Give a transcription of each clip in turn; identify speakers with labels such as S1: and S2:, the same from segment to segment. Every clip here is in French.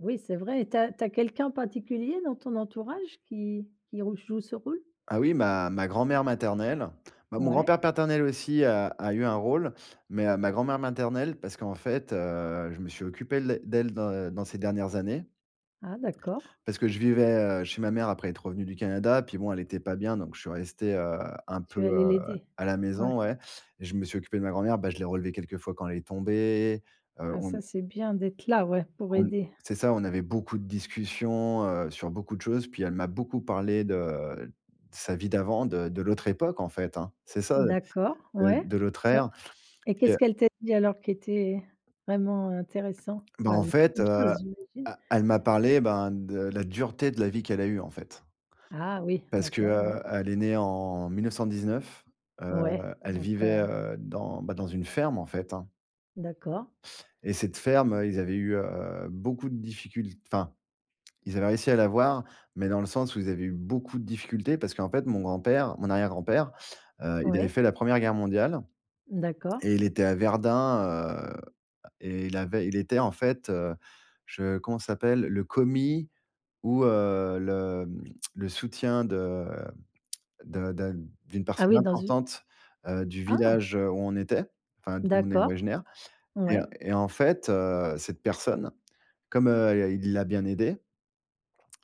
S1: Oui c'est vrai et tu as tu as quelqu'un en particulier dans ton entourage qui qui rou joue ce rôle?
S2: Ah oui, ma ma grand-mère maternelle. Ben, mon
S1: Ouais.
S2: grand-père paternel aussi a a eu un rôle mais ma grand-mère maternelle, parce qu'en fait, heu, je me suis occupé les d'elle dans dans ses dernières années.
S1: Ah d'accord.
S2: Parce que je vivais, heu, chez ma mère après être revenu du Canada. Puis bon, elle était pas bien, donc je suis resté, heu, un peu,
S1: Tu es allé
S2: heu,
S1: l'aider?
S2: à la maison,
S1: Ouais.
S2: ouais et je me suis occupé de ma grand-mère. Bah, je l'ai relevée quelquefois quand elle est tombée, heu,
S1: Ah
S2: on
S1: ça c'est bien d'être là, ouais, pour
S2: on
S1: aider.
S2: c'est ça, on avait beaucoup de discussions, heu, sur beaucoup de choses. Puis, elle m'a beaucoup parlé de sa vie d'avant, de de l'autre époque, en fait, hein, c'est ça, heu,
S1: D'accord,
S2: de
S1: ouais
S2: de l'autre
S1: donc
S2: ère.
S1: et
S2: Puis, heu
S1: qu'est-ce qu'elle t'a dit, alors, qui était vraiment intéressant?
S2: Bah,
S1: Ouais,
S2: en
S1: beaucoup
S2: fait, heu,
S1: de
S2: e
S1: choses j'imagine.
S2: elle m'a parlé, ben, de la dureté de la vie qu'elle a eue, en fait.
S1: Ah oui,
S2: Parce que,
S1: d'accord, ouais.
S2: heu, elle est née en 1919. Heu,
S1: Ouais,
S2: elle
S1: donc,
S2: vivait,
S1: heu
S2: heu, dans bah, dans une ferme, en fait, hein.
S1: D'accord.
S2: Et cette ferme, ils avaient eu, heu, beaucoup de difficul enfin, ils avaient réussi à l'avoir, mais dans le sens où ils avaient eu beaucoup de difficultés, parce qu'en fait mon grand-père mon arrière-grand-père, heu, il avait
S1: Ouais.
S2: fait la 1re guerre mondiale
S1: D'accord.
S2: et il était à Verdun, heu, à et il avait il était en fait, heu je comment ça s'appelle? Le commis ou, heu, le, mmh, le soutien de de de d'une
S1: Ah
S2: personne
S1: oui, dans u
S2: importante, heu, du
S1: Ah.
S2: village, heu, où on était, enfin d'où on est
S1: D'accord.
S2: originaires. Et heu,
S1: Ouais.
S2: et en fait, heu, cette personne, comme, heu, il l'a bien aidée,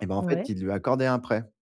S2: et bah, en fait,
S1: Ouais.
S2: il lui a accordé un prêt.